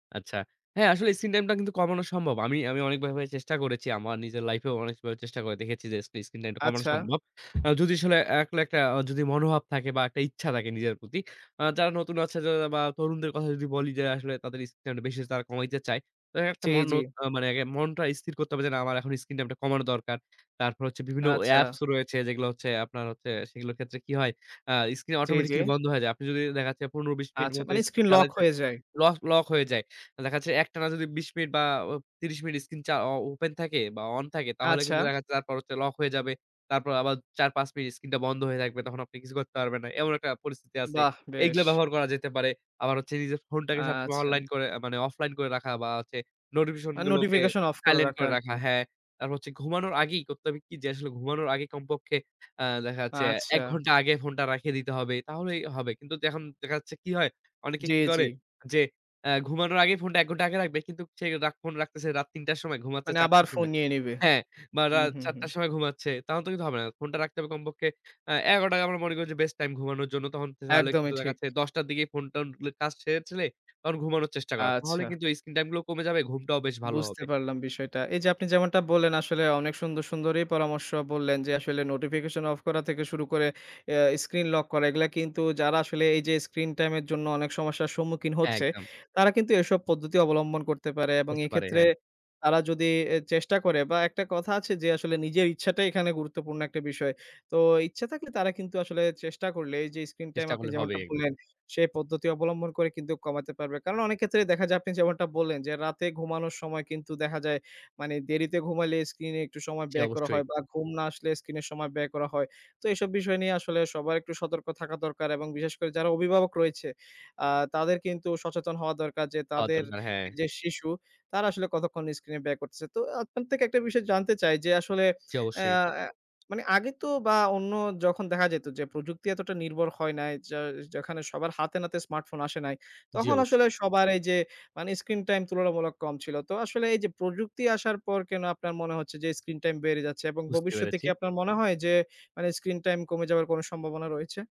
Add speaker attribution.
Speaker 1: আচ্ছা। হ্যাঁ, আসলে স্ক্রিন টাইম টা কিন্তু কমানো সম্ভব। আমি আমি অনেকভাবে চেষ্টা করেছি আমার নিজের লাইফেও অনেকভাবে চেষ্টা করে দেখেছি যে, স্পে স্ক্রিনটাইমটা কমানো
Speaker 2: আচ্ছা।
Speaker 1: সম্ভব। যদি আসলে একলা একটা যদি মনোভাব থাকে বা একটা ইচ্ছা থাকে নিজের প্রতি। আ যারা নতুন আছে বা তরুণদের কথা যদি বলি যে, আসলে তাদের স্ক্রিনটাইমটা বেশি তারা কমাইতে চায়। তো একটা
Speaker 2: চেয়ে
Speaker 1: মন
Speaker 2: যে।
Speaker 1: মানে আগে মনটা স্থির করতে হবে যে, না আমার এখন স্ক্রিন টাইমটা কমানো দরকার। তারপর হচ্ছে বিভিন্ন
Speaker 2: আচ্ছা।
Speaker 1: অ্যাপস রয়েছে যেগুলো হচ্ছে আপনার হচ্ছে সেগুলোর ক্ষেত্রে কি হয়। আ স্ক্রিন
Speaker 2: জ্বী, জ্বী।
Speaker 1: অটোমেটিক্যালি বন্ধ হয়ে যায়। আপনি যদি দেখা যাচ্ছে ১৫-২০ মিনিট
Speaker 2: আচ্ছা,
Speaker 1: মতো
Speaker 2: মানে
Speaker 1: স্ক্রিন
Speaker 2: স্ক্রিন লক
Speaker 1: চালাইছেন।
Speaker 2: হয়ে যায়।
Speaker 1: লস লক হয়ে যায়। দেখা যাচ্ছে একটানা যদি ২০ মিনিট বা ৩০ মিনিট স্ক্রিন চা ও ওপেন থাকে বা অন থাকে তাহলে কিন্তু
Speaker 2: আচ্ছা।
Speaker 1: দেখা যাচ্ছে তারপর হচ্ছে লক হয়ে যাবে। তারপর আবার ৪-৫ মিনিট স্ক্রিনটা বন্ধ হয়ে থাকবে। তখন আপনি কিছু করতে পারবেন না। এমন একটা পরিস্থিতি আছে।
Speaker 2: বাহ!
Speaker 1: এইগুলা
Speaker 2: বেশ।
Speaker 1: ব্যবহার করা যেতে পারে। আবার হচ্ছে নিজের ফোনটাকে সবসময়
Speaker 2: আচ্ছা।
Speaker 1: অনলাইন করে মানে অফলাইন করে রাখা। বা হচ্ছে নোটিফিকেশন
Speaker 2: আর
Speaker 1: গুলোকে
Speaker 2: নোটিফিকেশন অফ করে
Speaker 1: সাইলেন্ট
Speaker 2: রাখা
Speaker 1: করে
Speaker 2: আর
Speaker 1: রাখা।
Speaker 2: কি।
Speaker 1: হ্যাঁ। তারপর হচ্ছে ঘুমানোর আগেই করতে হবে কি যে, আসলে ঘুমানোর আগে কমপক্ষে আ দেখা যাচ্ছে ১
Speaker 2: আচ্ছা।
Speaker 1: ঘণ্টা আগে ফোনটা রাখিয়ে দিতে হবে। তাহলেই হবে। কিন্তু এখন দেখা যাচ্ছে কি হয়, অনেকে
Speaker 2: জ্বী,
Speaker 1: কি করে
Speaker 2: জ্বী।
Speaker 1: যে অ্যা ঘুমানোর আগে ফোনটা ১ ঘন্টা আগে রাখবে। কিন্তু সে ফোন রাখতেছে রাত ৩ টার সময় ঘুমাচ্ছে
Speaker 2: মানে
Speaker 1: ৪
Speaker 2: আবার
Speaker 1: টার
Speaker 2: ফোন
Speaker 1: সময়।
Speaker 2: নিয়ে নিবে।
Speaker 1: হ্যাঁ? বা
Speaker 2: হু,
Speaker 1: রাত
Speaker 2: হু,
Speaker 1: ৪
Speaker 2: হু।
Speaker 1: টার সময় ঘুমাচ্ছে। তাহলে তো কিন্তু হবে না। ফোনটা রাখতে হবে কমপক্ষে আ ১১ টায় আমরা মনে করি যে বেস্ট টাইম ঘুমানোর জন্য। তখন কিন্তু তাহলে
Speaker 2: একদমই ঠিক।
Speaker 1: দেখাচ্ছে ১০ টার দিকে ফোনটোনগুলো কাজ সেরে ফেলে তখন ঘুমানোর চেষ্টা করা। তাহলে
Speaker 2: আচ্ছা।
Speaker 1: কিন্তু এই স্ক্রিন টাইম গুলো কমে যাবে। ঘুমটাও বেশ ভালো
Speaker 2: বুঝতে
Speaker 1: হবে।
Speaker 2: পারলাম বিষয়টা। এই যে আপনি যেমনটা বললেন আসলে অনেক সুন্দর, সুন্দরই পরামর্শ বললেন, যে আসলে নোটিফিকেশন অফ করা থেকে শুরু করে আ স্ক্রিন লক করা। এগুলা কিন্তু যারা আসলে এই যে স্ক্রিন টাইম এর জন্য অনেক সমস্যার সম্মুখীন হচ্ছে,
Speaker 1: একদম।
Speaker 2: তারা কিন্তু এসব পদ্ধতি অবলম্বন করতে পারে। এবং
Speaker 1: করতে পারে,
Speaker 2: এক্ষেত্রে,
Speaker 1: হ্যাঁ।
Speaker 2: তারা যদি চেষ্টা করে বা একটা কথা আছে যে, আসলে নিজের ইচ্ছাটাই এখানে গুরুত্বপূর্ণ একটা বিষয়। তো ইচ্ছা থাকলে তারা কিন্তু আসলে চেষ্টা করলে এই যে স্ক্রিন টাইম
Speaker 1: চেষ্টা
Speaker 2: আপনি
Speaker 1: করলে হবে
Speaker 2: যেমনটা
Speaker 1: একদিন।
Speaker 2: বললেন, সেই পদ্ধতি অবলম্বন করে কিন্তু কমাতে পারবে। কারণ অনেক ক্ষেত্রে দেখা যায় আপনি যেমনটা বললেন, যে রাতে ঘুমানোর সময় কিন্তু দেখা যায় মানে দেরিতে ঘুমালে স্ক্রিন এ একটু সময়
Speaker 1: জ্বী,
Speaker 2: ব্যয় করা
Speaker 1: অবশ্যই।
Speaker 2: হয়। বা ঘুম না আসলে স্ক্রিন এর সময় ব্যয় করা হয়। তো এসব বিষয় নিয়ে আসলে সবার একটু সতর্ক থাকা দরকার। এবং বিশেষ করে যারা অভিভাবক রয়েছে আ তাদের কিন্তু সচেতন হওয়া দরকার যে
Speaker 1: হওয়া
Speaker 2: তাদের
Speaker 1: দরকার, হ্যাঁ।
Speaker 2: যে শিশু, তারা আসলে কতক্ষণ স্ক্রিনে ব্যয় করতেছে। তো আপনার থেকে একটা বিষয় জানতে চাই যে, আসলে
Speaker 1: জ্বী, অবশ্যই।
Speaker 2: অ্যা মানে আগে তো বা অন্য যখন দেখা যেত যে প্রযুক্তি এতটা নির্ভর হয় নাই। য যেখানে সবার হাতেনাতে স্মার্টফোন আসে নাই,
Speaker 1: জ্বী,
Speaker 2: তখন
Speaker 1: অবশ্যই।
Speaker 2: আসলে সবার এই যে মানে স্ক্রিন টাইম তুলনামূলক কম ছিল। তো, আসলে এই যে প্রযুক্তি আসার পর কেন আপনার মনে হচ্ছে যে স্ক্রিন টাইম বেড়ে যাচ্ছে? এবং
Speaker 1: বুঝতে
Speaker 2: ভবিষ্যতে
Speaker 1: পেরেছি।
Speaker 2: কি আপনার মনে হয় যে মানে স্ক্রিন টাইম কমে যাওয়ার কোন সম্ভাবনা রয়েছে?